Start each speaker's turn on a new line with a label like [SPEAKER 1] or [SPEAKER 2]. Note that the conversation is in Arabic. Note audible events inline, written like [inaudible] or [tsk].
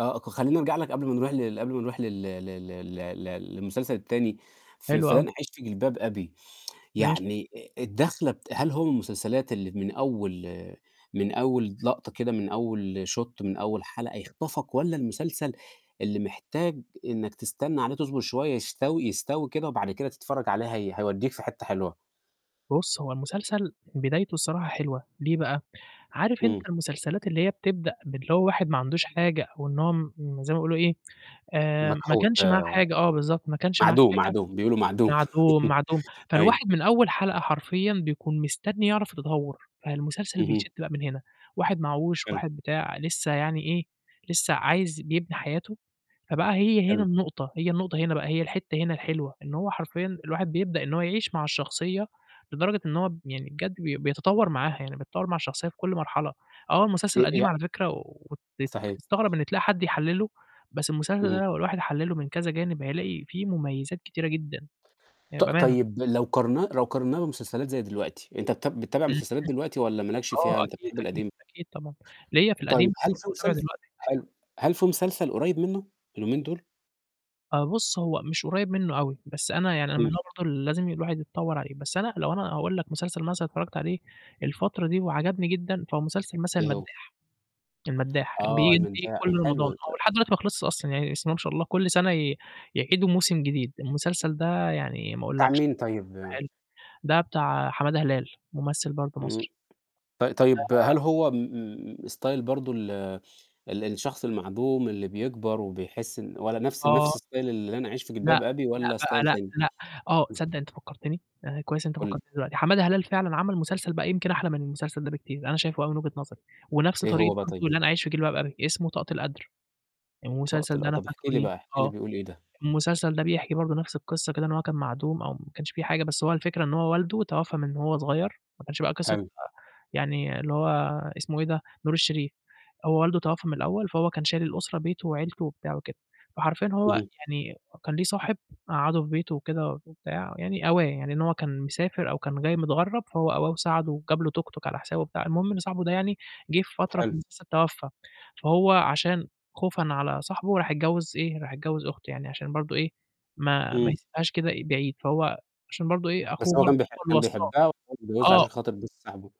[SPEAKER 1] آه، ك خلّيني أرجع لك قبل ما نروح ل قبل ما نروح لل ل ل ل ل للمسلسل التاني، ف
[SPEAKER 2] حلو
[SPEAKER 1] في لن
[SPEAKER 2] أوي.
[SPEAKER 1] أعيش في جلباب أبي، [tsk]
[SPEAKER 2] ماشي.
[SPEAKER 1] يعني آآ الدَخلة بت هل هو من المسلسلات اللي من أول من أول لقطة كده، من أول shot، من أول حلقة يخطفك والّا المسلسل اللي محتاج إنّك تستنى عليه تصبر شوية يستوي يستوي كده وبعد كده تتفرّج عليه هي هيودّيك في حتّة حلوة؟
[SPEAKER 2] بُص، هو المسلسل بدايته الصراحة حلوة، ليه بقى؟ عارف أنت
[SPEAKER 1] إمم.
[SPEAKER 2] المسلسلات اللي هي بتبدأ باللي هو واحد ما عندوش حاجة وإن هو م زي ما بيقولوا إيه، آآ ما
[SPEAKER 1] مكحوت
[SPEAKER 2] كانش معاه
[SPEAKER 1] آآ
[SPEAKER 2] حاجة آه بالضبط، ما كنش معاه
[SPEAKER 1] معدوم،
[SPEAKER 2] حاجة،
[SPEAKER 1] معدوم، بيقولوا معدوم.
[SPEAKER 2] معدوم،
[SPEAKER 1] [laughs]
[SPEAKER 2] معدوم،
[SPEAKER 1] أيوه.
[SPEAKER 2] فالواحد من أول حلقة حرفيًا بيكون مستني يعرف التطوّر، فالمسلسل بيشد
[SPEAKER 1] اهم.
[SPEAKER 2] بقى من هنا، واحد معاهوش،
[SPEAKER 1] [unintelligible]
[SPEAKER 2] واحد بتاع، لسّه يعني إيه، لسّه عايز بيبني حياته، فبقى هي هنا
[SPEAKER 1] حلو.
[SPEAKER 2] النقطة، هي النقطة هنا بقى، هي الحتّة هنا الحلوة إن هو حرفيًا الواحد بيبدأ إن هو يعيش مع الشخصية لدرجة إن هو ب يعني بجد بي بيتطوّر معاها، يعني بتتطوّر مع الشخصية في كل مرحلة، آه
[SPEAKER 1] آآ
[SPEAKER 2] المسلسل قديم
[SPEAKER 1] ي
[SPEAKER 2] على فكرة وتت
[SPEAKER 1] صحيح.
[SPEAKER 2] وتستغرب إن تلاقي حد يحلّله، بس المسلسل ده
[SPEAKER 1] اهم.
[SPEAKER 2] لو الواحد حلّله من كذا جانب هيلاقي فيه مميزات كتيرة جدًا، يعني
[SPEAKER 1] ط
[SPEAKER 2] بأمانة.
[SPEAKER 1] طيب لو قارنّاه لو قارنّاه بمسلسلات زي دلوقتي أنت بتاب بتتابع
[SPEAKER 2] إمم.
[SPEAKER 1] مسلسلات دلوقتي والّا مالكش
[SPEAKER 2] آه
[SPEAKER 1] فيها أنت
[SPEAKER 2] أكيد،
[SPEAKER 1] بتحب
[SPEAKER 2] أكيد،
[SPEAKER 1] القديم؟
[SPEAKER 2] أكيد طبعًا، ليّا في
[SPEAKER 1] طيب
[SPEAKER 2] القديم، بس
[SPEAKER 1] هل
[SPEAKER 2] برضه
[SPEAKER 1] في
[SPEAKER 2] باتابع
[SPEAKER 1] مسلس
[SPEAKER 2] دلوقتي.
[SPEAKER 1] حلو، هل في مسلسل قريّب منّه اليومين دُول؟
[SPEAKER 2] آه بُص، هو مش قريّب منّه أوي، بس أنا يعني أنا من
[SPEAKER 1] إمم.
[SPEAKER 2] نوع برضه اللي لازم الواحد يتطوّر عليه، بس أنا لو أنا أقول لك مسلسل مثلًا اتفرّجت عليه الفترة دي وعجبني جدًا، فهو مسلسل مثلًا
[SPEAKER 1] إيه هو؟
[SPEAKER 2] المدّاح. المدّاح
[SPEAKER 1] آه،
[SPEAKER 2] بييجي
[SPEAKER 1] المداح،
[SPEAKER 2] كل رمضان
[SPEAKER 1] حلو
[SPEAKER 2] ولحد
[SPEAKER 1] [unintelligible]
[SPEAKER 2] دلوقتي ما خلصش أصلًا، يعني بسم الله ما شاء الله كل سَنة ي يعيدوا موسم جديد. المسلسل ده يعني ما
[SPEAKER 1] بتاع
[SPEAKER 2] أقولكش،
[SPEAKER 1] مين طيب؟
[SPEAKER 2] حلو، ده بتاع حمادة هلال، مُمثّل برضه
[SPEAKER 1] إمم.
[SPEAKER 2] مصري.
[SPEAKER 1] طي طيب
[SPEAKER 2] آآ
[SPEAKER 1] هل هو م style برضه ال ال الشخص المعدوم اللي بيكبر وبيحس إن والّا نَفْس
[SPEAKER 2] آه.
[SPEAKER 1] نَفْس style اللي لن أعيش في
[SPEAKER 2] لأ،
[SPEAKER 1] جلباب أبي
[SPEAKER 2] لأ
[SPEAKER 1] والّا
[SPEAKER 2] بقى
[SPEAKER 1] style
[SPEAKER 2] لأ،
[SPEAKER 1] تاني؟
[SPEAKER 2] لأ، آه، صدّق أنت فكّرتني، آآ كويس أنت
[SPEAKER 1] قُل لي.
[SPEAKER 2] فكّرتني دلوقتي، حمادة هلال فعلًا عمل مسلسل بقى يمكن أحلى من المسلسل ده بكتير، أنا شايفه أوي من وجهة نظري ونَفْس
[SPEAKER 1] إيه
[SPEAKER 2] طريقة
[SPEAKER 1] هو بقى طيب؟
[SPEAKER 2] برضه لن أعيش في جلباب أبي، اسمه طاقة القدر.
[SPEAKER 1] ط
[SPEAKER 2] المسلسل ده
[SPEAKER 1] طل
[SPEAKER 2] أنا
[SPEAKER 1] طَب احكِ
[SPEAKER 2] فاكره
[SPEAKER 1] لي
[SPEAKER 2] ليه،
[SPEAKER 1] بقى، احكِ لي
[SPEAKER 2] آه.
[SPEAKER 1] بيقول إيه ده.
[SPEAKER 2] المسلسل ده بيحكي برضه نَفْس القصة كده إن هو كان معدوم أو ما كنش في حاجة، بس هو الفكرة إن هو والده توفّى من وهو صغير، ما كانش بقى قصة
[SPEAKER 1] حلو.
[SPEAKER 2] يعني اللي هو اسمه إيه ده، نور الشريف. هو والده توفّى من الأول، فهو كان شايل الأسرة بيته وعيلته وبتاع وكده. فحرفيًا هو
[SPEAKER 1] اهم.
[SPEAKER 2] يعني كان ليه صاحب مقعّده في بيته وكده وبتاع، يعني أواه، يعني إن هو كان مسافر أو كان جاي متغرّب فهو أواه وساعده وجاب له توك توك على حسابه وبتاع. المهم إن صاحبه ده يعني جِه في فترة
[SPEAKER 1] حلو.
[SPEAKER 2] [unintelligible] توفّى، فهو عشان خوفًا على صاحبه راح اتجوِّز إيه، راح اتجوِّز أخته يعني عشان برضه إيه، ما ما
[SPEAKER 1] إمم.
[SPEAKER 2] يسبهاش كده بعيد، فهو عشان برضه إيه،
[SPEAKER 1] بس
[SPEAKER 2] أخوه
[SPEAKER 1] هو
[SPEAKER 2] برضه
[SPEAKER 1] كان بيح
[SPEAKER 2] هو اللي
[SPEAKER 1] كان
[SPEAKER 2] وصّاه،
[SPEAKER 1] بيحبها والّا اتجوّزها
[SPEAKER 2] آه.
[SPEAKER 1] عشان خاطر بس صاحبه؟